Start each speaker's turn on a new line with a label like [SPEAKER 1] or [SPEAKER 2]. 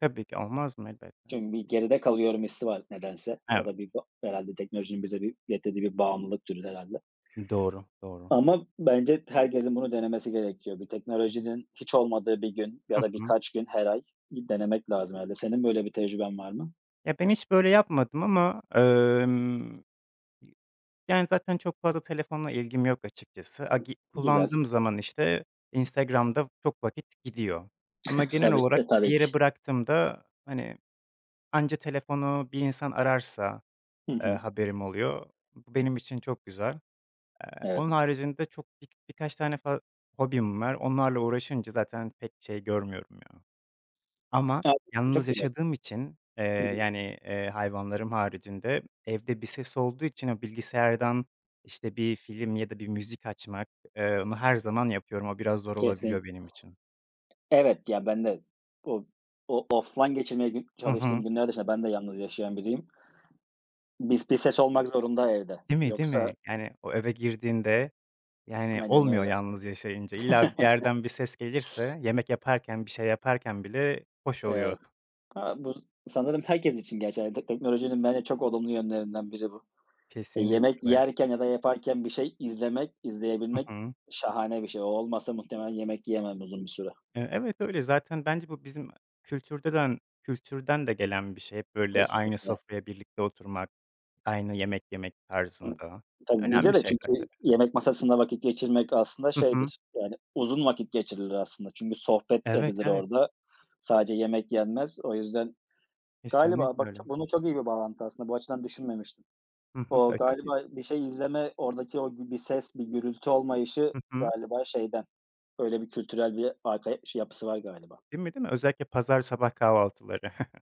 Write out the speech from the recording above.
[SPEAKER 1] Tabii ki, olmaz mı? Elbette.
[SPEAKER 2] Çünkü bir geride kalıyorum hissi var nedense. O
[SPEAKER 1] Evet.
[SPEAKER 2] da bir herhâlde teknolojinin bize bir getirdiği bir bağımlılık türü herhâlde.
[SPEAKER 1] Doğru, doğru.
[SPEAKER 2] Ama bence herkesin bunu denemesi gerekiyor. Bir teknolojinin hiç olmadığı 1 gün ya
[SPEAKER 1] Hı
[SPEAKER 2] da
[SPEAKER 1] hı.
[SPEAKER 2] birkaç gün her ay bir denemek lazım herhâlde. Senin böyle bir tecrüben var mı?
[SPEAKER 1] E, ben hiç böyle yapmadım ama emm, yi Yani, zaten çok fazla telefonla ilgim yok açıkçası. Agi
[SPEAKER 2] Güzel.
[SPEAKER 1] kullandığım zaman, işte, Instagram'da çok vakit gidiyor. Ama genel
[SPEAKER 2] Tabii
[SPEAKER 1] olarak
[SPEAKER 2] ki,
[SPEAKER 1] bir
[SPEAKER 2] tabii ki.
[SPEAKER 1] yere bıraktığımda, hani, anca telefonu bir insan ararsa,
[SPEAKER 2] Hı
[SPEAKER 1] eee,
[SPEAKER 2] hı.
[SPEAKER 1] haberim oluyor. Bu benim için çok güzel. Eee,
[SPEAKER 2] Evet.
[SPEAKER 1] onun haricinde çok bir birkaç tane fa hobim var. Onlarla uğraşınca zaten pek şey görmüyorum ya. Ama
[SPEAKER 2] Hâlbuki çok
[SPEAKER 1] yalnız
[SPEAKER 2] kolay.
[SPEAKER 1] yaşadığım için, eee,
[SPEAKER 2] Hı hı.
[SPEAKER 1] yani, eee, hayvanlarım haricinde evde bir ses olduğu için o bilgisayardan, işte, bir film ya da bir müzik açmak, eee, onu her zaman yapıyorum. O biraz zor olabiliyor
[SPEAKER 2] Kesin.
[SPEAKER 1] benim için.
[SPEAKER 2] Evet, ya ben de o o offline geçirmeye gün
[SPEAKER 1] Hı
[SPEAKER 2] çalıştığım
[SPEAKER 1] hı.
[SPEAKER 2] günler dışında ben de yalnız yaşayan biriyim. Bir bir ses olmak zorunda evde.
[SPEAKER 1] Değil mi? Değil
[SPEAKER 2] Yoksa
[SPEAKER 1] mi? Yani, o eve girdiğinde, yani
[SPEAKER 2] Aynen
[SPEAKER 1] olmuyor
[SPEAKER 2] öyle.
[SPEAKER 1] yalnız yaşayınca. İlla bir yerden bir ses gelirse yemek yaparken, bir şey yaparken bile hoş oluyor.
[SPEAKER 2] Evet. Ha, bu sanırım herkes için geçerli. Teknolojinin bence çok olumlu yönlerinden biri bu. Yemek
[SPEAKER 1] Kesinlikle öyle.
[SPEAKER 2] yerken ya da yaparken bir şey izlemek,
[SPEAKER 1] Hı
[SPEAKER 2] izleyebilmek
[SPEAKER 1] hı.
[SPEAKER 2] şahane bir şey. O olmasa muhtemelen yemek yiyemem uzun bir süre.
[SPEAKER 1] Eee, evet, öyle. Zaten bence bu bizim kültürden- kültürden de gelen bir şey. Böyle aynı
[SPEAKER 2] Kesinlikle.
[SPEAKER 1] sofraya birlikte oturmak, aynı yemek yemek
[SPEAKER 2] Hı,
[SPEAKER 1] tarzında.
[SPEAKER 2] tabii,
[SPEAKER 1] Önemli
[SPEAKER 2] bizde de
[SPEAKER 1] şeyler
[SPEAKER 2] çünkü
[SPEAKER 1] tabii.
[SPEAKER 2] yemek masasında vakit geçirmek aslında
[SPEAKER 1] Hı hı.
[SPEAKER 2] şeydir, yani uzun vakit geçirilir aslında. Çünkü sohbet de
[SPEAKER 1] Evet,
[SPEAKER 2] edilir
[SPEAKER 1] evet.
[SPEAKER 2] orada. Sadece yemek yenmez. O yüzden galiba
[SPEAKER 1] Kesinlikle
[SPEAKER 2] bak,
[SPEAKER 1] öyle.
[SPEAKER 2] bunun çok iyi bir bağlantısı aslında. Bu açıdan düşünmemiştim.
[SPEAKER 1] Hı hı,
[SPEAKER 2] O
[SPEAKER 1] e, tabii.
[SPEAKER 2] galiba bir şey izleme, oradaki o b bir ses, bir gürültü olmayışı
[SPEAKER 1] Hı hı.
[SPEAKER 2] galiba şeyden, öyle bir kültürel bir arka ş yapısı var galiba.
[SPEAKER 1] Değil mi, değil mi? Özellikle pazar sabah kahvaltıları.